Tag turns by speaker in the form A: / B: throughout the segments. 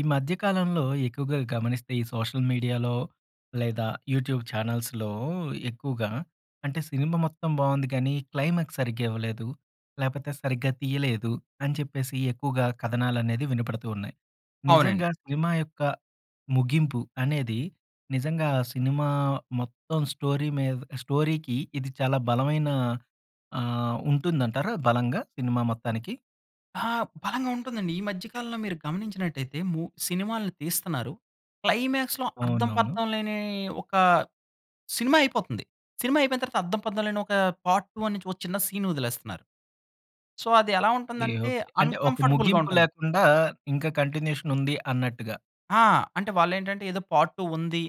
A: ఈ మధ్యకాలంలో ఎక్కువగా గమనిస్తే, ఈ సోషల్ మీడియాలో లేదా యూట్యూబ్ ఛానల్స్‌లో ఎక్కువగా అంటే, సినిమా మొత్తం బావుంది, కానీ క్లైమాక్స్ సరిగ్గా ఇవ్వలేదు. లేకపోతే సరిగ్గా తీయలేదు అని చెప్పేసి ఎక్కువగా కథనాలనేది వినపడుతూ ఉన్నాయి.
B: అవునం
A: నిజంగా సినిమా యొక్క ముగింపు అనేది, నిజంగా సినిమా మొత్తం స్టోరీ మీద స్టోరీకి ఇది చాలా బలమైన ఆహ్, ఉంటుందంటారా? బలంగా సినిమా మొత్తానికి?
B: ఆ! బలంగా ఉంటుందండి. ఈ మధ్య కాలంలో మీరు గమనించినట్లయితే, మూ సినిమాలని తీస్తున్నారు, క్లైమాక్స్‌లో అర్థం
A: అవునవును.
B: పర్థం లేని ఒక సినిమా అయిపోతుంది. సినిమా అయిపోయిన తర్వాత అర్ధం పర్థం లేని ఒక పార్ట్ 1 నుంచి ఒక చిన్న సీన్ వదిలేస్తున్నారు. సో, అది ఎలా
A: ఎ
B: ఉంటుందంటే,
A: ఓకె. అంటే, ఒక
B: అన్‌కంఫోర్టబుల్‌గా
A: ముగింపు
B: ఉంటుంది.
A: లేకుండా ఇంకా కంటిన్యూషన్ ఉంది అన్నట్టుగా.
B: ఆ! అంటే వాళ్ళు ఏంటంటే, ఏదో పార్ట్ 2 ఉంది,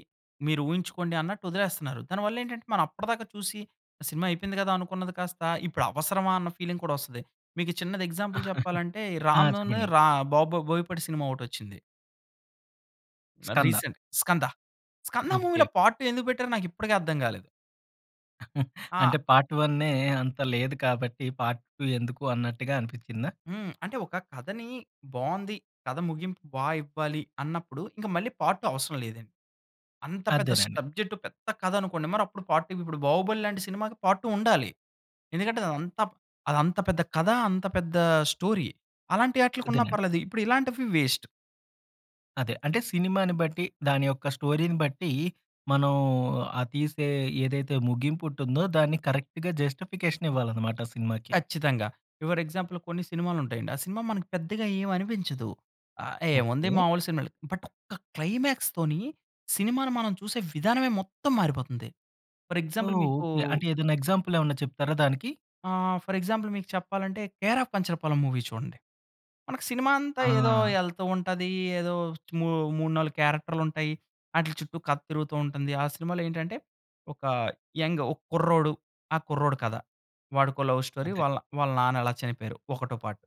B: మీరు ఊహించుకోండి అన్నట్టు వదిలేస్తున్నారు. దానివల్ల ఏంటంటే, మనం అప్పటిదాకా చూసి సినిమా అయిపోయింది కదా! అనుకున్నది కాస్త, ఇప్పుడు అవసరమా! అన్న ఫీలింగ్ కూడా వస్తది. మీకు చిన్నది ఎగ్జాంపుల్ చెప్పాలంటే, ఈ
A: ఆ!
B: రామ్ ను
A: చెప్పండి.
B: రా బొ బొ బోయపాటి సినిమా ఒకటి వచ్చింది.
A: స్కంద.
B: రీసెంట్ స్కంద. స్కంద
A: ఓకె.
B: మూవీలో పార్ట్ 2 ఎందుకు పెట్టారో? నాకు ఇప్పటికి అర్థం కాలేదు. ఆ!
A: అంటే పార్ట్ వన్నే అంత లేదు కాబట్టి, పార్ట్ 2 ఎందుకు అన్నట్టుగా అనిపించిందా?
B: హ్మ్, అంటే ఒక కథని బావుంది. కథ ముగింపు బా ఇవ్వాలి. అన్నప్పుడు ఇంక మళ్ళీ పార్ట్ 2 అవసరం లేదండి. అంత పెద్ద
A: అదేనండి.
B: స్టబ్జెక్ట్ పెద్ద కథ అనుకోండి, మరి అప్పుడు పార్ట్ 2, ఇప్పుడు 'బాహుబలి' లాంటి సినిమాకి పార్ట్ 2 ఉండాలి. ఎందుకంటే అది అంత, అది అంత పెద్ద కథ, అంత పెద్ద స్టోరీ అలాంటి ఆటిలకి ఉన్నా
A: అదేనండి.
B: పర్లేదు ఇప్పుడు ఇలాంటివి వేస్ట్.
A: అదే అంటే సినిమాని బట్టి, దాని యొక్క స్టోరీని బట్టి, మనం ఆ తీసే ఏదైతే ముగిపుంటుందో, దాన్ని కరెక్ట్‌గా జస్టిఫికేషన్ ఇవ్వాలన్నమాట, సినిమాకి.
B: కచ్చితంగా. యువర్ ఎగ్జాంపుల్ కొన్ని సినిమాలు ఉంటాయండి. ఆ సినిమా మనకి పెద్దగా ఏమి అనిపించదు. ఆహ్, ఏముంది
A: ఓకె!
B: మాములు సినిమాలు. బట్ ఒక్క క్లైమాక్స్ తోని సినిమాని మనం చూసే విధానమే, మొత్తం మారిపోతుంది. ఫర్
A: ఓహ్!
B: ఎగ్జాంపుల్ మీకు
A: ఓకె, అంటే ఏదన్నా ఎగ్జాంపుల్ ఏమన్నా చెప్తారా దానికి?
B: ఆహ్, ఫర్ ఎగ్జాంపుల్ మీకు చెప్పాలంటే, 'కేర్ ఆఫ్ కంచరపాలెం' మూవీ చూడండి. మనకు సినిమా అంతా ఏదో
A: ఆ!
B: ఎళ్తూ ఉంటది. ఏదో మూ మూడు, 4 క్యారెక్టర్‌లు ఉంటాయి. ఆటిల చుట్టూ కథ తిరుగుతూ ఉంటుంది. ఆ సినిమాలో ఏంటంటే ఒక యంగ్ ఒక కుర్రోడు, ఆ కుర్రోడు కథ. వాడికో లవ్ స్టోరీ
A: అంతే.
B: వాళ్ళ, వాళ్ళ నాన్న ఎలా చనిపోయారు? ఒకటో పార్ట్.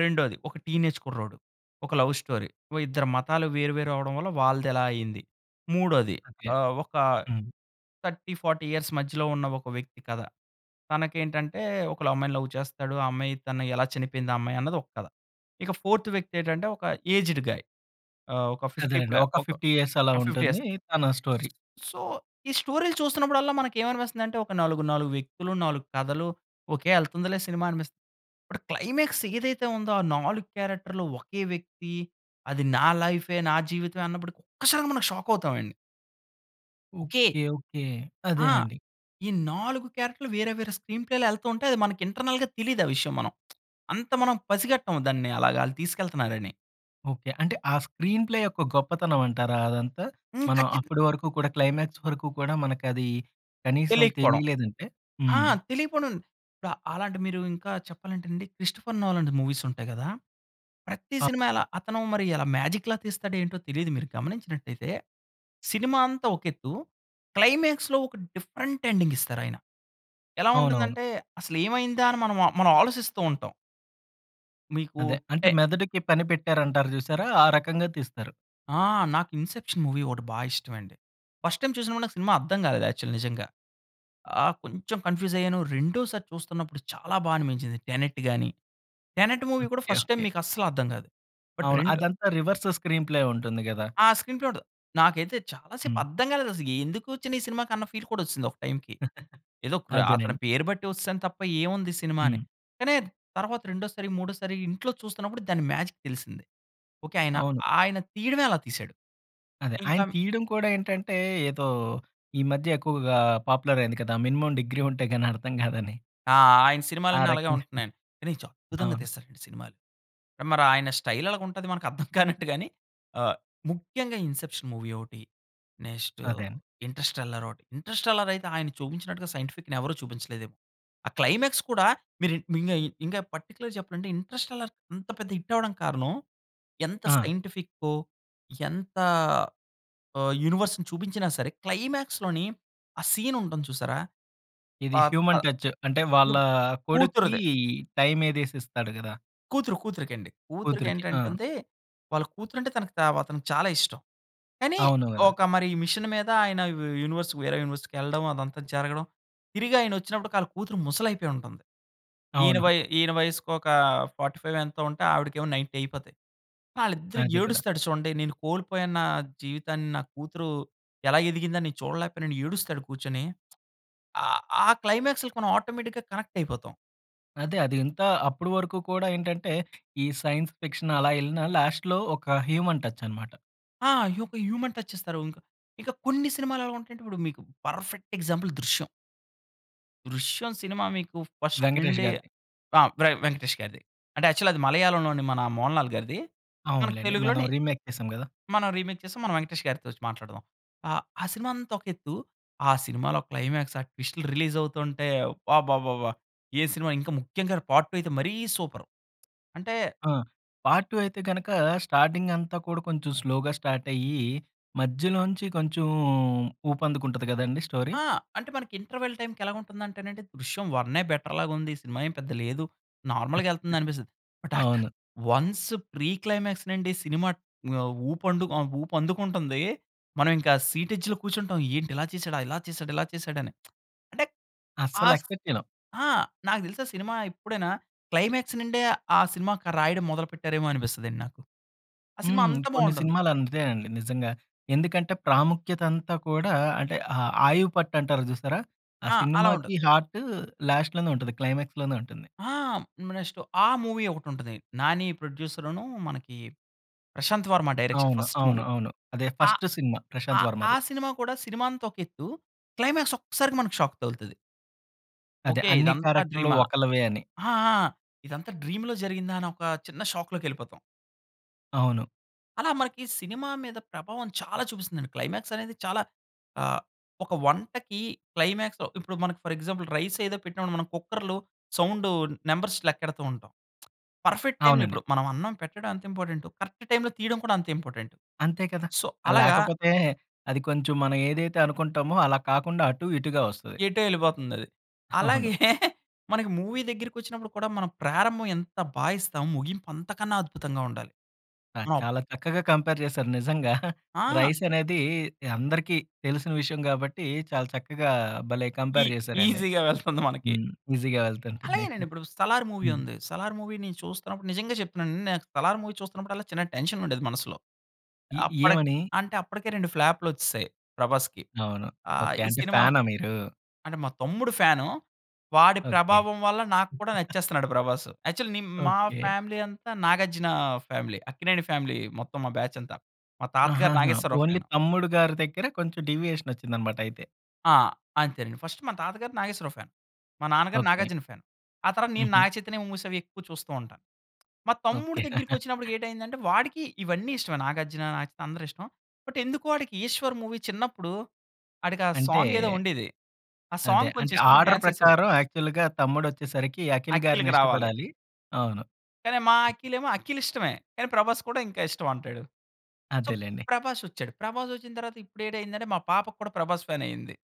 B: రెండోది ఒక టీనేజ్ కుర్రోడు, ఒక లవ్ స్టోరీ, ఓ ఇద్దరు మతాలు వేరు, వేరు అవ్వడం వల్ల వాళ్ళది ఎలా అయింది. మూడోది
A: అంతే,
B: ఆహ్, ఒక
A: హ్మ్.
B: 30, 40 ఇయర్స్ మధ్యలో ఉన్న ఒక వ్యక్తి కథ. తనకి ఏంటంటే ఒకళ్ళ అమ్మాయిని లవ్ చేస్తాడు. ఆ అమ్మాయి తను ఎలా చనిపోయింది ఆ అమ్మాయి, అన్నది ఒక కథ. ఇక ఫోర్త్ వ్యక్తి ఏంటంటే ఒక ఏజ్డ్ గాయ్. ఆహ్, ఓక 50 ప్ల
A: అదేనండి, ఒక
B: ఒక
A: 50 ఇయర్స్ అలా
B: ఆహ్ 50 ఇయర్స్.
A: ఉంటుంది, తన స్టోరీ.
B: సో, ఈ స్టోరీలు చూస్తున్నప్పుడల్లా మనకి ఏమనిపిస్తుంది అంటే, ఒక నాలుగు, నాలుగు వ్యక్తులు 4 కథలు ఓకే ఎళ్తుందిలే సినిమా అనిపిస్. ఇప్పుడు క్లైమాక్స్ ఏదైతే ఉందో, ఆ 4 క్యారెక్టర్‌లు ఒకే వ్యక్తి, అది నా లైఫే, నా జీవితమే అన్నప్పుడు ఒక్కసారి మనం షాక్ అవుతాం అండి. ఓకె.
A: ఓకె. ఓకె.
B: ఆ!
A: అదేనండి.
B: ఈ 4 క్యారెక్టర్‌లు వేరే, వేరే స్క్రీన్ ప్లేలో ఎల్తోంటే, అది మన ఇంటర్నల్‌గా తెలీదా విషయం. మనం అంత మనం పసిగట్టం. దాన్ని అలాగాళ్ళు తీసుకెళ్తన్నారని.
A: ఓకె. అంటే ఆ స్క్రీన్ ప్లే యొక్క గొప్పతనం అంటారా అదంతా?
B: హ్మ్.
A: మనం
B: ఖచ్చితం
A: అప్పడి వరకు కూడా, క్లైమాక్స్ వరకు కూడా, మనకది, కనీసం
B: తెలియకపోవడం.
A: తెలియలేదంటే.
B: ఆ!
A: హ్మ్.
B: తెలియకపోడం, ఇపుడు అలాంటి మీరు ఇంకా చెప్పాలంటే అండి, క్రిస్టోఫర్ నోలన్ ది మూవీస్ ఉంటాయి కదా! ప్రతి సినిమా ఎలా అతను మరి ఎల మ్యాజిక్‌లా తీస్తాడో ఏంటో తెలీదు. మీరు గమనించినట్టయితే, సినిమా అంతా ఒక ఎత్తు. క్లైమాక్స్‌లో ఒక డిఫరెంట్ ఎండింగ్ ఇస్తారాయన. ఎలా
A: అవునవును.
B: ఉంటుందంటే, అసలు ఏమైందా? అని మనం, మనం ఆలోసిస్తూ ఉంటాం. మీకూ
A: అదే. అంటే
B: టే
A: మెదడుకి పని పెట్టారంటారు చూసారా? ఆ రకంగా తీస్తారు.
B: ఆ! నాకు 'ఇన్‌సెప్షన్' మూవీ ఒకటి బా ఇష్టం అండి. ఫస్ట్ టైమ్ చూసినప్పుడు, నాకు సినిమా అర్థం కాలేదు, యాక్చువల్ నిజంగా. ఆహ్, కొంచెం కన్ఫ్యూజ్ అయ్యాను. రెండోసారి చూస్తున్నప్పుడు చాలా బా అనిపించింది 'టెనెట్' గాని. 'టెనెట్' మూవీ కూడా
A: ఓకె.
B: First time
A: okay.
B: మీకు అస్సలు అర్థం కాదు. బట్
A: అవును.
B: రెండు
A: అదంతా రెవర్స్ స్క్రీన్ ప్లే ఉంటుంది గదా!
B: ఆ! స్క్రీన్ ప్లే ఉండదు. నాకైతే చాలా సేపు
A: హ్మ్.
B: అర్థం కాలేదసలు. ఎందుకు వచ్చనీసినిమాకి అన్న ఫీల్ కూడా వచ్చిసింది ఒక టైమ్‌కి. ఏదో ప్ర అతని
A: అదేనండి.
B: పేరు బట్టి వచ్చేసాను తప్ప, ఏవుంది? సినిమా అని.
A: హ్మ్.
B: కానీ, తర్వాత రెండోసారి, మూడోసారి, ఇంట్లో చూస్తున్నప్పుడు, దాని మ్యాజిక్ తెలిసింది. ఓకె. ఆయన,
A: అవును.
B: ఆయన తీయడమే అలా తీసాడు.
A: అదే. ఆయన
B: ఇంకం
A: తీయడం కూడా ఏంటంటే, ఏదో ఈ మధ్య ఎక్కువగా పాపులర్ అయింది కదా, మినిమమ్ డిగ్రీ ఉంటే గాని అర్థం కాదని.
B: ఆ! ఆయన సినిమాలన్ని అలాగే
A: ఆరకంగానె.
B: ఉంటున్నాయండి. కానీ చాలా అద్భుతంగా
A: అవును.
B: తీస్తాడండి సినిమాలు. మరి ఆయన స్టైల్ అలగుంటది మనకర్థం కానట్టు గాని, ఆహ్, ముఖ్యంగా 'ఇన్సెప్షన్' మూవీ ఒకటి. నెక్స్ట్,
A: అదే అండి.
B: 'ఇంటర్స్టెల్లార్' ఒకటి. 'ఇంటర్స్టెల్లార్' అయితే, ఆయన చూపించినట్టుగా సైంటిఫిక్‌ని ఎవరూ చూపించలేదేమో. ఆ క్లైమాక్స్ కూడా, మిర్ మింగాయ్ ఇంకా పార్టిక్యులర్‌గా చెప్పలంటే, 'ఇంటర్స్టెల్లార్' అంత పెద్ద హిట్ అవడానికి కారణం, ఎంత
A: ఆ!
B: సైంటిఫికొ ఎంత ఆహ్, యూనివర్స్‌ని చూపించినా సరే, క్లైమాక్స్‌లోని ఆ సీన్ ఉంటుంది చూసారా? ప
A: ఇది
B: హా
A: హ్యూమన్ టచ్. అంటే, వాళ్ళ
B: యుం
A: కొడుక్కి,
B: కూతురుదె.
A: టైమ్ ఏదేసిస్తాడు కదా!
B: కూతురు, కూతురుకండి.
A: కూతురికి. ఆ!
B: కూతురికేంటంటంది, వాళ్ళ కూతురు అంటే తనకి వ అతనికి చాలా ఇష్టం. కానీ,
A: అవును గదా!
B: ఒక మరి మిషన్ మీద ఆయన యూ యూ యూనివర్స్ వేరే యూని‌వర్స్‌కెళ్లడం, అదంతా జరగడం, తిరిగి ఆయనొచ్చినప్పుడు కాళ్ళ కూతురు ముసలి అయిపోయి ఉంటుంది. ఈయన
A: అవును.
B: వయ్ ఈయన వయసుకొక, 45 ఎంతో ఉంటే, ఆవిడకేమో 90 అయిపోతాయి. ఆళ్ళిద్దరూ
A: అదే కదా!
B: ఏడుస్తాడు చూడండి, "నేను కోల్పోయాను నా జీవితాన్ని. నా కూతురు ఎలా ఎదిగిందని నేను చూడలేకపోయానని" ఏడుస్తాడు కూర్చొని. ఆ ఆ క్లైమాక్స్‌లకి మనం ఆటోమేటిక్‌గా కనెక్ట్ అయిపోతాం.
A: అదే. అది ఇంతా, అప్పడు వరకు కూడా ఏంటంటే, ఈ సైన్స్ ఫిక్షన్ అలా ఎళ్ళిన లాస్ట్‌లో ఒక హ్యూమన్ టచ్చనమాట.
B: ఆ! యొక హ్యూమన్ టచ్ ఇస్తారు. ఇంకా. ఇక కొన్ని సినిమాలు ఎలా ఉంటాయి అంటే ఇప్పుడు మీకు పర్ఫెక్ట్ ఎగ్జాంపుల్ 'దృశ్యం.' 'దృశ్యం' సినిమా మీకు ఫస్ట్
A: వెంకటేష్
B: నుండీ
A: గారిది.
B: ఆహ్, వె వెంకటేష్ గారిది. అంటే యాక్చువలి అది మలయాళం లోని, మన మోహన్ లాల్ గారిది. మనకి
A: అవునులెండి. మనం
B: తెలుగులోని,
A: రీమేక్ చేసాం కదా.
B: మనం రీమేక్ చేసి, మనం వెంకటేష్ గారితో వచ్చి మాట్లాడుదాం. ఆహ్, సినిమా అంతా ఒక ఎత్తు. ఆ సినిమాలో క్లైమాక్స్, ఆ ట్విస్ట్‌లు రిలీజవుతుంటే, అబ్బాబ్బాబ్బా! ఏ సినిమా ఇంకా ముఖ్యంగా పార్ట్ 2 అయితే మరీ సూపరు. అంటే
A: ఆ! పార్ట్ 2 అయితే గనుక, స్టార్టింగంతా కూడా కొంచెం స్లోగా స్టార్టయ్యి, మధ్యలో నుంచి కొంచెం ఊపందుకుంటుంది కదండీ స్టోరీ?
B: ఆ! అంటే మనకి ఇంటర్వల్ టైమ్‌కెలా ఉంటుందంటే నండి. 'దృశ్యం' వన్నె, బెటర్ లాగా ఉంది. సినిమా ఏం పెద్ద లేదు, నార్మల్‌గెళ్తుంది అనిపిస్తది. బట్ అ
A: అవును.
B: వన్స్ ప్రీ క్లైమాక్స్ నుండి సినిమా ఆహ్, ఊప్ ఆహ్, ఊపందుకుంటుంది. మనం ఇంకా సీటెడ్జ్‌లో కూర్చుంటాం. ఏంటి ఇలా చేసాడా, ఇలా చేసాడా, ఇలా చేసాడా అని అంటే,
A: అస్సలు
B: ఆస్
A: ఎక్స్పెక్ట్ చేయలం.
B: ఆ! నాకు తెలుసా సినిమా ఎప్పుడైనా క్లైమాక్స్ నుండే, ఆ సినిమాకి రాయడం మొదలు పెట్టారేమో అనిపిస్తుంది అండి నాకు. ఆ సినిమా
A: హ్మ్,
B: అంత
A: కొన్ని
B: బాగుంటుంది.
A: సినిమాలు అంతేనండి నిజంగా. ఎందుకంటే, ప్రాముఖ్యత అంతా కూడా అంటే, ఆ ఆయువుపట్టు అంటారు జూసారా? ఆ
B: ఆ! అలా ఉండదు.
A: సినిమాకి హార్ట్ లాస్ట్ లోనే ఉంటుంది. క్లైమాక్స్ లోనే ఉంటుంది.
B: ఆ! నెక్స్ట్ 'అ!' మూవీ ఒకటుంటది. నాని ప్రొడ్యూసర్ను, మనకి ప్రశాంత్ వర్మ డైరెక్షన్,
A: అవును.
B: ఫస్ట్
A: అవును.
B: మూవీ.
A: అవును. అదే
B: ఆహ్,
A: ఫస్ట్ సినిమా ప్రశాంత్
B: 'అ!' ఆ
A: వర్మది.
B: సినిమా కూడా, సినిమా అంత ఒక ఎత్తు, క్లైమాక్స్ ఒక్కసారిగా షాక్ తగులుతది.
A: అదే,
B: ఓకె,
A: అన్ని
B: ఇదంతా
A: క్యారెక్టర్‌లు
B: డ్రీమా,
A: ఒకళ్ళవే అని.
B: ఆ! ఆ! ఇదంతా డ్రీమ్‌లో జరిగిందా? అని ఒక చిన్న షాక్‌లోకెళ్ళిపోతాం.
A: అవును.
B: అలా మనకి సినిమా మీద ప్రభావం చాలా చూపిస్తుందండి. క్లైమాక్స్ అనేది చాలా ఆహ్, ఒక వంటకి క్లైమాక్స్‌లో ఇప్పుడు మనకు ఫర్ ఎగ్జాంపుల్ రైస్ ఏదో పెట్టి మనం కుక్కర్‌లో సౌండు నంబర్స్ లెక్కెడుతూ ఉంటాం. పర్ఫెక్ట్ టైమ్‌లో
A: అవునండి.
B: ఇప్పుడు, మనం అన్నం పెట్టడం ఎంత ఇంపార్టెంటో, కరెక్ట్ టైమ్‌లో తీయడం కూడా అంతే ఇంపార్టెంటు
A: అంతే కదా!
B: సో,
A: అహ్,
B: అలాగా
A: లేకపోతే అది కొంచెం మనం ఏదైతే అనుకుంటామో, అలా కాకుండా అటు ఇటుగా వస్తది.
B: ఎటో ఎళ్ళిపోతుంది అది.
A: అవును.
B: అలాగే, మనకి మూవీ దగ్గరికొచ్చినప్పుడు కూడా మనం ప్రారంభం ఎంత బా ఇస్తామో, ముగింపు అంతకన్నా అద్భుతంగా ఉండాలి.
A: అ! చాలా చక్కగా కంపేర్ చేశారు నిజంగా.
B: ఆ!
A: రైసనేది అందరికీ తెలిసిన విషయం గాబట్టి, చాలా చక్కగా భలే
B: ఈ
A: కంపేర్ చేశారండి.
B: ఈజీ‌గా వెళ్తుంది మనకి.
A: హ్మ్. ఈజీగా వెళ్తుంటుంది.
B: అలాగేనండి ఇప్పుడు 'సలార్' మూవీ
A: హ్మ్.
B: ఉంది. 'సలార్' మూవీ‌ని చూస్తున్నప్పుడు, నిజంగా చెప్తున్నానండి నేను 'సలార్' మూవీ చూస్తున్నప్పుడు అల్లా చిన్న టెన్షనుండేది, మనసులో.
A: ఎ
B: అప్పటి
A: ఏమని?
B: అంటే అప్పటికే 2 రెండు ఫ్లాప్‌లొచ్చేసాయి, ప్రభాస్‌కి.
A: అవును.
B: ఆహ్,
A: ఓకె.
B: ఈ
A: అంటే
B: సినిమా
A: ఫ్యానా మీరు?
B: అంటే మా తమ్ముడు ఫ్యానూ. వాడి
A: ఓకె.
B: ప్రభావం వల్ల నాకు కూడా నచ్చేస్తున్నాడు ప్రభాసు. యాక్చువల్లీ నే మా
A: ఓకె.
B: ఫ్యామిలీ అంతా, నాగార్జున ఫ్యామిలీ అక్కినేని ఫ్యామిలీ మొత్తం మా బ్యాచ్ అంతా. మా తాతగారు,
A: ఆహాహా!
B: Nageswararao
A: only
B: fan.
A: తమ్ముడు గారి దగ్గర, కొంచెం డీవియేషన్ వచ్చిందన్నమాట అయితే.
B: ఆహ్, అంతేనండి ఫస్ట్ మా తాతగారు నాగేశ్వరరావు ఫ్యాన్, మా నాన్నగారు
A: ఓకె.
B: నాగార్జున ఫ్యాన్, ఆ తర్వాత నేను
A: హుహు.
B: నాగచైతన్య మూవీస్ అవి ఎక్కువ చూస్తూ ఉంటాను. మా తమ్ముడు
A: ఓకె.
B: దగ్గరికి వచ్చినప్పుడు ఏటైందంటే వాడికి ఇవన్నీ ఇష్టమే. నాగార్జున, నాగచైతన అందరూ ఇష్టం. బట్ ఎందుకో వాడికి 'ఈశ్వర్' మూవీ చిన్నప్పుడు, ఆడికి ఆ
A: అంటే
B: సాంగ్ ఏదో ఉండేది. ఆ
A: అదే,
B: సాంగ్ కొంచెం
A: అంటే
B: ఇష్టపడి
A: ఆర్డర్
B: డాన్స్ వేసేవాడు.
A: ప్రకారం యాక్చువల్‌గా తమ్ముడొచ్చేసరికి, అఖిల్ గారిని
B: అఖిల్‌కి రావాలి.
A: ఇష్టపడాలి, అవును.
B: కానీ మా అఖిల్ ఏమో అఖిల్ ఇష్టమే, కానీ ప్రభాస్ కూడా ఇంకా ఇష్టం అంటాడు. సో
A: అదేలెండి.
B: ప్రభాస్ వచ్చాడు. ప్రభాస్ వచ్చిన తరువాత ఇప్పుడు ఏటయిందంటే, మా పాప కూడా ప్రభాస్ ఫ్యాన్ అయింది.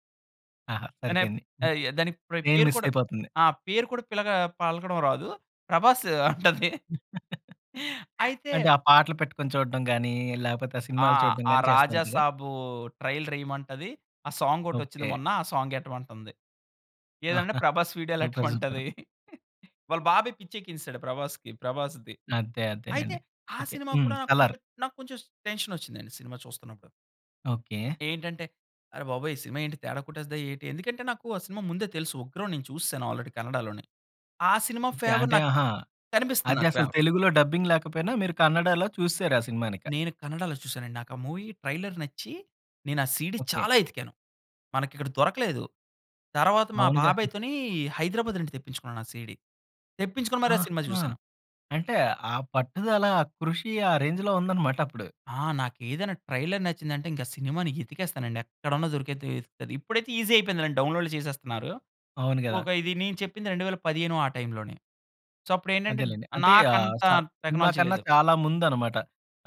A: ఆహా!
B: నేప్
A: సరిపోయింది.
B: ఆయా దానికి ప్ర
A: మెయిన్
B: పేరు
A: మిస్
B: కూడా
A: అయిపోతుంది.
B: ఆ! పేరు కూడా పిలగా పలకడం రాదు. ప్రభాస్ అంటది. అయితే
A: అంటే ఆ పాటలు పెట్టుకొని చూడడం గాని, లేకపోతే ఆ
B: ఆ!
A: సినిమాలు చూడడం
B: ఆ
A: గాని
B: రాజా
A: చేస్తుంటారా?
B: సాబు ట్రైలర్ ఏయమంటది. ఆ సాంగ్ ఒకటి వచ్చింది.
A: ఓకె.
B: మొన్న ఆ సాంగ్ ఎట్టమంటుంది. ఏదంటే
A: ఆహా!
B: Prabhas
A: super super.
B: వీడియోలెట్టమంటది వాళ్ళ బాబాయి పిచ్చి ఎక్కించేసాడు ప్రభాస్‌కి ప్రభాస్‌ది.
A: అంతే
B: అయితే
A: అంతేలెండి.
B: ఆ
A: ఓకే,
B: సినిమా
A: హ్మ్.
B: కూడా
A: సలార్.
B: నాకొంచెం నాకొంచెం టెన్షన్ వచ్చిందండి సినిమా చూస్తున్నప్పుడు.
A: ఓకె.
B: ఏంటంటే, "అరె బాబోయ్ ఈ సినిమా ఏంటి తేడా కొట్టేస్ధా ఏటి?" ఎందుకంటే నాకు ఆ సినిమా ముందే తెలుసు. ఉగ్రం నేను చూస్సేను ఆల్రెడీ కన్నడలోనే. ఆ సినిమా
A: ఓకె,
B: ఫేవర్
A: అంటే
B: నాక్
A: ఆహా!
B: కనిపిస్తుంది
A: అది
B: నాకు
A: అసలు
B: ఫేవర్.
A: తెలుగులో డబ్బింగ్ లేకపోయినా, మీరు కన్నడలో చూసేసారు ఆ సినిమానిక.
B: నేను కన్నడలో చూసాను అండి. నాకు ఆ మూవీ ట్రైలర్ నచ్చి, నేను ఆ సీడీ
A: ఓకె.
B: చాలా ఎతికాను. మనకిక్కడ దొరకలేదు. తర్వాత మా
A: అవునుగా.
B: బాబాయ్‌తోని హైదరాబాద్ నుండి తెప్పించుకున్నాను ఆ సీడీ. తెప్పించుకొని మరీ ఆ సినిమా
A: ఆహా!
B: చూశాను.
A: అంటే ఆ పట్టుదల, కృషి ఆ రేంజ్‌‌‌‌లో ఉందన్నమాట అప్పుడు.
B: ఆ! నాకు ఏదైనా ట్రైలర్ నచ్చిందంటే ఇంక సినిమాని ఎతికేస్తానండి, ఎక్కడున్నా దొరికేద్ది. అది ఇప్పుడైతే ఈజీ అయిపోయిందండి డౌన్‌లోడ్ చేసేస్తున్నారు.
A: అవును గదా!
B: ఒక ఇది నేను చెప్పింది 2015 ఆ టైమ్‌లోని సో అప్పుడు ఏంటంటే,
A: అదేలెండి. అంటే ఆహ్,
B: నాకంత
A: స సినిమా
B: టెక్నాలజీ
A: కన్నా
B: లేదు.
A: చాలా ముందన్నమాట.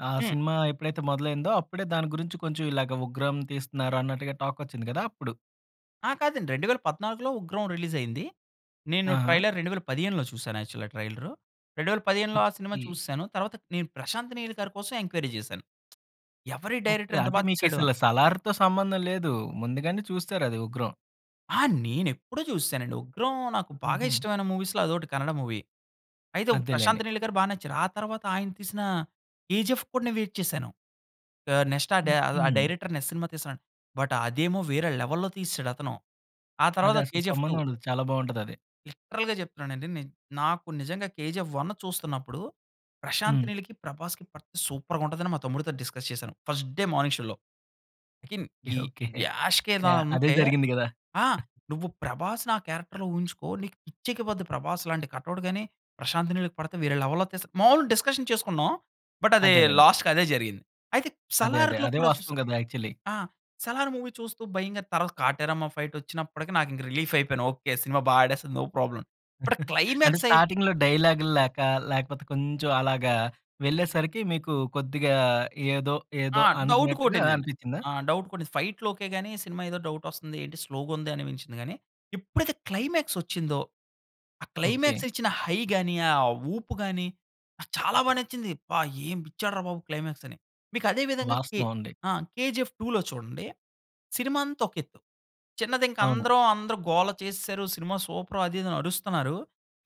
A: ఆ
B: హ్మ్.
A: సినిమా ఎప్పుడైతే మొదలైందో అప్పుడే, దాని గురించి కొంచెం ఇలాగ 'ఉగ్రం' తీస్తున్నారు, అన్నట్టుగా టాక్ వచ్చింది గదా అప్పుడు.
B: ఆ! కాదండి, 2014లో ఉగ్రం రిలీజ్ అయింది. నేను
A: ఆహా!
B: ట్రైలర్ 2015లో చూసాను. యాక్చువల్‌గా ట్రైలరు. 2015లో ఆ సినిమా
A: ఓకె.
B: చూసేసాను, తర్వాత నేను 'ప్రశాంత్ నీల్' గారి కోసం ఎంక్వైరీ చేశాను. ఎవరీ
A: ఓకే.
B: డైరెక్టర్? ఇంత
A: అంటే
B: బాగా
A: మీకు
B: తీసాడు అని.
A: అసలు సలార్‌తో సంబంధం లేదు. ముందుగానే చూస్తారు అది 'ఉగ్రం'.
B: ఆ! నేను ఎప్పుడో చూసేసానండి. 'ఉగ్రం' నాకు బాగా
A: హుహు.
B: ఇష్టమైన మూవీస్‌లో అదోకటి కన్నడ మూవీ. అయితే
A: అంతేలెండి.
B: 'ప్రశాంత్ నీల్' గారు బాగా నచ్చారు. ఆ తర్వాత ఆయన తీసిన కేజీఎఫ్‌కి కూడా నేను వెయిట్ చేశాను. ఆహ్, నెక్స్ట్ ఆ డై ఆ
A: హుహు.
B: డైరెక్టర్ అనే సినిమా తీస్తానాడు. బట్ అదేమో వేరే లెవెల్‌లో తీసాడు అతను. ఆ
A: అది
B: తర్వాత
A: అసలు
B: కేజీఎఫ్
A: సంబంధం
B: 2.
A: ఉండదు. చాలా బాగుంటది అది.
B: లిటరల్‌గా చెప్తున్నాను అండి. నేన్ నాకు నిజంగా 'కేజీఎఫ్ 1' చూస్తున్నప్పుడు, ప్రశాంత్
A: హ్మ్.
B: నీల్‌కి, ప్రభాస్‌కి పడితే సూపర్‌గా ఉంటది అని, మా తమ్ముడితో డిస్కస్ చేశాను. ఫస్ట్ డే మార్నింగ్ షోలో. ఇకిన్
A: ఓకె,
B: ఈ
A: ఓకె.
B: యాష్ కే
A: యాహ్! అదే
B: దానంటే,
A: జరిగింది కదా!
B: ఆ! "నువ్వు ప్రభాస్‌ని ఆ క్యారెక్టర్‌లో ఊహించుకో నీకు పిచ్చెక్కిపోద్ది." ప్రభాస్ లాంటి కటౌట్ గాని, ప్రశాంత్ నీల్‌కి పడితే వేరే లెవెల్‌లో తీస్తాడు. మాములుగా డిస్కషన్ చేసుకున్నాం. బట్ అదే
A: అదేలేలే.
B: లాస్ట్‌కి అదే జరిగింది. అయితే
A: అదే అదే!
B: సలార్‌లో
A: అదే
B: కూడా చూసా
A: వాస్తవం కదా! ఆక్చువల్లీ.
B: ఆ! 'సలార్' మూవీ చూస్తూ భయంగా, తర్వాత కాటేరమ్మ ఫైట్ వచ్చినప్పటికి, నాకు ఇంకా రిలీఫ్ అయిపోయాను. ఓకె, సినిమా బాగా ఆడేస్తుంది, నో ప్రాబ్లమ్. బట్ ఆ
A: అంటే,
B: క్లైమాక్స్ అయి
A: స్టార్టింగ్‌లో డైలాగ్‌లు లేక, లేకపోతే కొంచెం అలాగా, వెళ్ళేసరికి మీకు కొద్దిగా ఏదో,
B: ఆ!
A: ఏదో
B: డౌట్
A: అనుకున్నట్టుగా
B: కొటిందండి,
A: అనిపించిందా?
B: ఆ! డౌట్ కొట్టింది. ఫైట్‌లు ఓకె గాని, సినిమా ఏదో డౌటోస్తుంది, ఏంటి స్లోగా ఉంది అనిపించింది కానీ, ఎప్పుడైతే క్లైమాక్స్ వచ్చిందో, ఆ
A: ఓకె.
B: క్లైమాక్స్ ఇచ్చిన హై గాని, ఆ ఊపు గాని నాకు చాలా బాగా నచ్చింది. "అబ్బా! ఏ ఇచ్చాడు రా బాబు క్లైమాక్స్" అని. మీకు అదే విధంగా కే
A: వాస్తవం అండి.
B: ఆ! కేజీఎఫ్ 2లో చూడండి. సినిమా అంతా ఒక ఎత్తు. చిన్నది, ఇంకా
A: అవును.
B: అందరం అందరు గోల చేసేసారు, సినిమా సూపర్ అది ఇది అని అరుస్తున్నారు.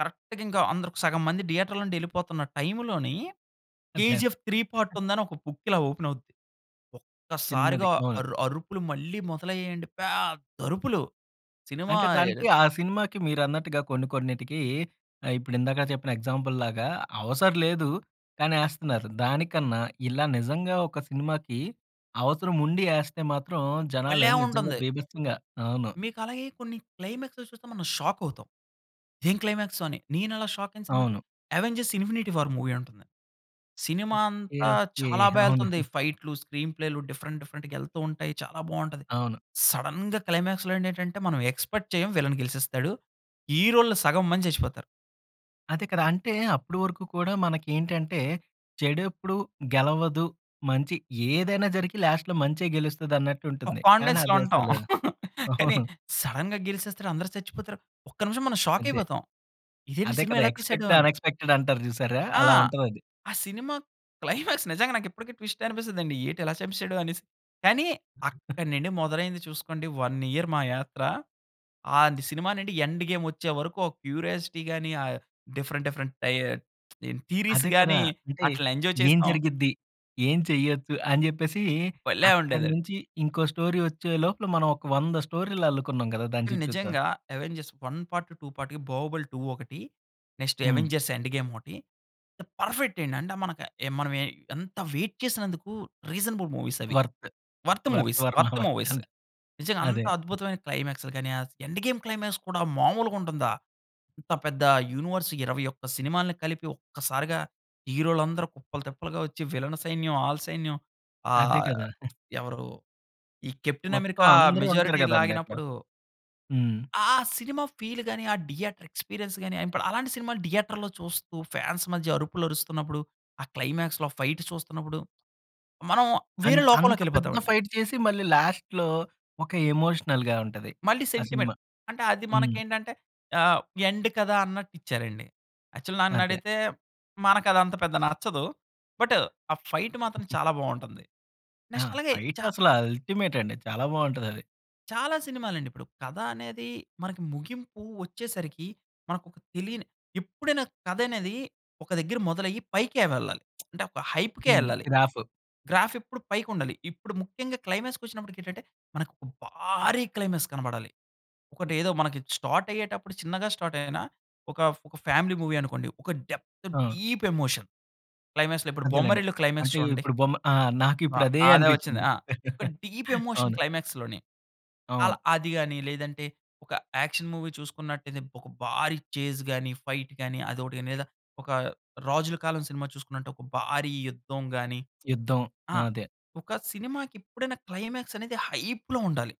B: కరెక్ట్‌గా ఇంకా అందరు సగం మంది థియేటర్‌లో నుంచి వెళ్ళిపోతున్న టైమ్‌లోని,
A: అదే,
B: 'కేజీఎఫ్
A: అదే!
B: 3' పార్ట్ ఉందని ఒక బుక్ ఇలా ఓపెన్ అవుద్ది.
A: చిన్నది.
B: ఒక్కసారిగా
A: అవును.
B: అరు అరుపులు మళ్ళీ మొదలయ్యాయండి. పెద్ద అరుపులు సినిమా
A: అంటే దానికి ఆ సినిమాకి మీరన్నట్టుగా కొన్ని కొన్నిటికి ఆహ్, ఇప్పుడు ఇందాక చెప్పిన ఎగ్జాంపుల్‌లాగా అవసరలేదు కానీ ఏస్తున్నారు. దానికన్నా ఇలా నిజంగా ఒక సినిమాకి, అవసరం ఉండి ఏస్తే మాత్రం, జనాలు
B: భలే
A: నిజంగా
B: ఉంటుంది!
A: బీభత్సంగా అవును.
B: మీకు అలాగే కొన్ని క్లైమాక్స్‌లో చూస్తే, మనం షాక్ అవుతాం. ఇది ఏం క్లైమాక్సు? అని నేను అలా షాక్ అయిన సినిమా అయితే,
A: అవును.
B: 'అవెంజర్స్ ఇన్ఫినిటీ వార్' మూవీ ఉంటుంది. సినిమా
A: ఓకె,
B: అంతా
A: ఓకె.
B: చాలా బా
A: అవును.
B: ఎళ్తుంది. ఫైట్‌లు, స్క్రీన్ ప్లేలు డిఫరెంట్, డిఫరెంట్‌గా ఎళ్తూ ఉంటాయి. చాలా బాగుంటది.
A: అవును.
B: సడెన్‌గా క్లైమాక్స్‌లో ఏండేటంటే, మనం ఎక్స్పెక్ట్ చేయం విల్లన్ గెలిచేస్తాడు. హీరోలు సగం మంది చచ్చిపోతారు.
A: అదే కదా! అంటే, అప్పుడు వరకు కూడా, మనకేంటంటే, చెడెప్పుడూ గెలవదు. మంచి ఏదైనా జరిగి, లాస్ట్‌లో మంచే
B: ఒక
A: గెలుస్తదన్నట్టుంటుంది. కానీ
B: కాన్ఫిడెన్స్‌లో
A: అది
B: ఉంటాం.
A: అసలు,
B: కానీ,
A: అవును.
B: సడెన్‌గా గెలిసేస్తరు, అందరు చచ్చిపోతరు. ఒక్క నిమిషం మనం షాక్
A: అదే.
B: అయిపోతాం. ఇదేంటి
A: అదే
B: సినిమా
A: కదా!
B: ఇలా తీసాడు,
A: ఎక్స్పెక్ట్ ద
B: అని.
A: అన్ఎక్స్పెక్ట‌డ్ అంటారు చూసారా?
B: ఆ!
A: అలా ఉంటదది.
B: ఆ సినిమా క్లైమాక్స్ నిజంగా నాకిప్పటికి ట్విస్ట్ అనిపిస్తుందండి. ఏటి ఇలా సంపిశాడు, అనేసి. కానీ, అక్కడి నుండి మొదలైంది చూసుకోండి. 1 ఇయర్ మా యాత్ర. ఆంది సినిమానండి, 'ఎండ్ గేమ్' వచ్చేవరకు ఓ క్యూరియాసిటీ గాని, ఆహ్, డిఫరెంట్ డిఫరెంట్ టయర్ దీని థీరీస్
A: అదే కదా!
B: గాని,
A: అంటే,
B: అట్ల ఎంజాయ్
A: ఏం
B: చేసాం.
A: జరిగిద్ది? ఏం చెయ్యచ్చు? అని జెప్పేసి,
B: భలే
A: అక్కడి
B: ఉండేదండి.
A: నుంచి, ఇంకో స్టోరీ వచ్చే లోపల, మనం ఒక 100 స్టోరీలు అల్లుకున్నాం కదా! దాని
B: కానీ,
A: చుట్టూత.
B: నిజంగా, 'అవెంజర్స్ 1 పార్ట్, 2 పార్ట్' కి, 'బాహుబలి-2' ఒకటి, నెక్స్ట్
A: హ్మ్.
B: 'అవెంజర్స్ ఎండ్ గేమ్' ఓటి, ద పర్ఫెక్ట్ అండి. అంటే మనక ఎ మనవే ఎంత వెయిట్ చేసినందుకు, రీసనబుల్ మూవీస్ అవి.
A: వర్త్.
B: వర్త్
A: వర్త్
B: మూవీస్,
A: వర్మ
B: వర్త్
A: వర్త్
B: మూవీస్
A: అంటె,
B: నిజంగ అంత
A: అదే.
B: అద్భుతమైన క్లైమాక్స్‌లు గానీ, అస్ 'ఎండ్ గేమ్' క్లైమాక్స్ కూడా మామూలుగుంటుందా? ఇంత పెద్ద యూనివర్స్ 21 సినిమాల్ని కలిపి, ఒక్కసారిగా, హీరో‌లందరూ కుప్పలు, తెప్పలుగా వచ్చి, విలను సైన్యం, ఆల సైన్యం,
A: అదే
B: ఆహ్,
A: కదా!
B: ఎవరు? ఈ 'కెప్టెన్
A: మొత్తం
B: అమెరికా'
A: అందరూ ఉంటారు
B: మెజారిటీ
A: కదండీ! అట్లా.
B: లాగినప్పుడు
A: హ్మ్.
B: ఆ సినిమా ఫీల్ గాని, ఆ థియేటర్ ఎక్స్పీరియన్స్ గాని, ఏంపడ్ అలాంటి సినిమాలు థియేటర్‌లో చూస్తూ, ఫ్యాన్స్ మధ్య అరుపులు అరుస్తున్నప్పుడు, ఆ క్లైమాక్స్‌లో ఫైటు చూస్తున్నప్పుడు, మనం వేరే
A: అండ్, అంత పెద్ద
B: లోకంలోకెళిపోతామండి.
A: ఫైట్ చేసి, మళ్ళీ లాస్ట్‌లో ఒక ఎమోషనల్‌గా ఉంటది,
B: మళ్ళీ
A: ఆ సినిమా.
B: సెంటిమెంట్. అంటే అది
A: హ్మ్.
B: మనకేంటంటే, ఆహ్, ఎండ్ కదా! అన్నట్టిచ్చారండి. యాక్చుల్
A: అదే.
B: నన్నడిగితే, మనకదంత పెద్ద నచ్చదు. బట్ ఆ ఫైట్ మాత్రం చాలా బావుంటంది.
A: ఆ!
B: నెక్స్ట్ అలాగే
A: ఫైట్
B: చా
A: అసల అల్టిమెట్ అండి. చాలా బావుంటదది.
B: చాలా సినిమాలండిపుడు, కథ అనేది, మనకి ముగింపు వచ్చేసరికి, మనకొక తెలియని ఎప్పుడైనా కథనేది, ఒక దగ్గర మొదలయ్యి, పైకే వెళ్ళాలి. అంటే, ఒక హైప్‌కే
A: హ్మ్,
B: వెళ్ళాలి.
A: గ్రాఫు.
B: గ్రాఫ్ ఎప్పుడు పైకుండాలి. ఇప్పుడు ముఖ్యంగా క్లైమాక్స్‌ కొచ్చినప్పటికేంటంటే, మనకొక భారీ క్లైమాక్స్ కనబడాలి. ఒకటేదో మనకి స్టార్ట్ అయ్యేటప్పుడు చిన్నగా స్టార్ట్ అయినా, ఒక ఒక ఫ్యామిలీ మూవీ అనుకోండి, ఒక డెప్త్
A: ఆ!
B: Deep emotion. క్లైమాక్స్‌లో ఇప్పుడు
A: అదేలెండి.
B: 'బొమ్మరిల్లు' క్లైమాక్స్
A: అంటే,
B: చూడండి.
A: ఇప్పుడు బొమ్మ ఆ!
B: ఆ!
A: నాకిప్పుడదే
B: అదే వచ్చింది.
A: అనిపించింది.
B: ఆ! ఒక డీప్ ఎమోషన్
A: అవును.
B: క్లైమాక్స్‌లోని అలా,
A: అవును.
B: అది గాని, లేదంటే, ఒక యాక్షన్ మూవీ చూసుకున్నట్టయితే, ఒక భారీ చేస్ గాని, ఫైట్ గాని, అదోకటి గాని, లేదా ఒక రాజుల కాలం సినిమా చూసుకున్నట్లు, ఒక భారీ యుద్ధం గాని.
A: యుద్ధం.
B: ఆ!
A: అదే.
B: ఒక సినిమాకెప్పుడైనా, క్లైమాక్స్ అనేది హైప్‌లో ఉండాలి.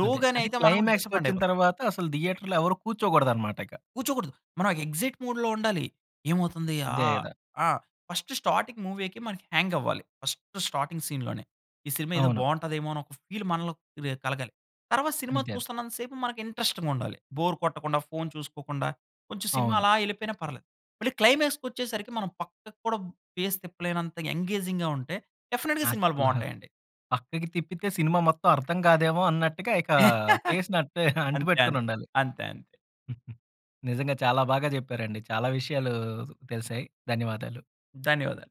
B: లో
A: అదే.
B: గానే
A: అంటే
B: అయితే, మనం
A: క్లైమాక్స్
B: డిసప్పోయింట్
A: కొచ్చిన
B: అయిపోతాం.
A: తర్వాత, అసలు థియేటర్‌లో ఎవరు కూర్చోకోడదనమాటిక.
B: కూర్చోకూడదు. మనం ఎక్సయిట్ మూడ్‌లో ఉండాలి. ఏమవుతుంది?
A: అంతే
B: ఆహ్,
A: కదా!
B: ఆ! ఫస్ట్ స్టార్టింగ్ మూవీకే మనకి హ్యంగ్ అవ్వాలి. ఫస్ట్ స్టార్టింగ్ సీన్‌లోనే ఈ సినిమా ఏదో
A: అవును.
B: బావుంటదేమో, అని ఒక ఫీల్ మనలో క్రియే కలగాలి. తర్వాత సినిమా
A: అంతే, అంతే.
B: చూస్తన్నంత సేపు, మనకు ఇంట్రెస్టింగ్ ఉండాలి. బోర్ కొట్టకుండా, ఫోన్ చూసుకోకుండా, కొంచెం సినిమా
A: అవును.
B: అలా ఎళిపోయినా పర్లేదు. మళ్ళి క్లైమాక్స్‌ కొచ్చేసరికి, మనం పక్కకు కూడా ఫేస్ తిప్పలేనంత ఎంగేజింగ్‌గా ఉంటే, డెఫినెట్‌గా సినిమాలు
A: అసల,
B: బావుంటాయండి.
A: పక్కకి తిప్పితే సినిమా మొత్తం అర్థం కాదేమో అన్నట్టుగా, ఇక, ఫేస్‌ని అట్టే,
B: అంతే, అంత్
A: అంటుపెట్టుకొనుండాలి.
B: అంతే. అంతే.
A: నిజంగా చాలా బాగా చెప్పారండి. చాలా విషయాలూ తెలిసాయి. ధన్యవాదాలు.
B: ధన్యవాదాలు.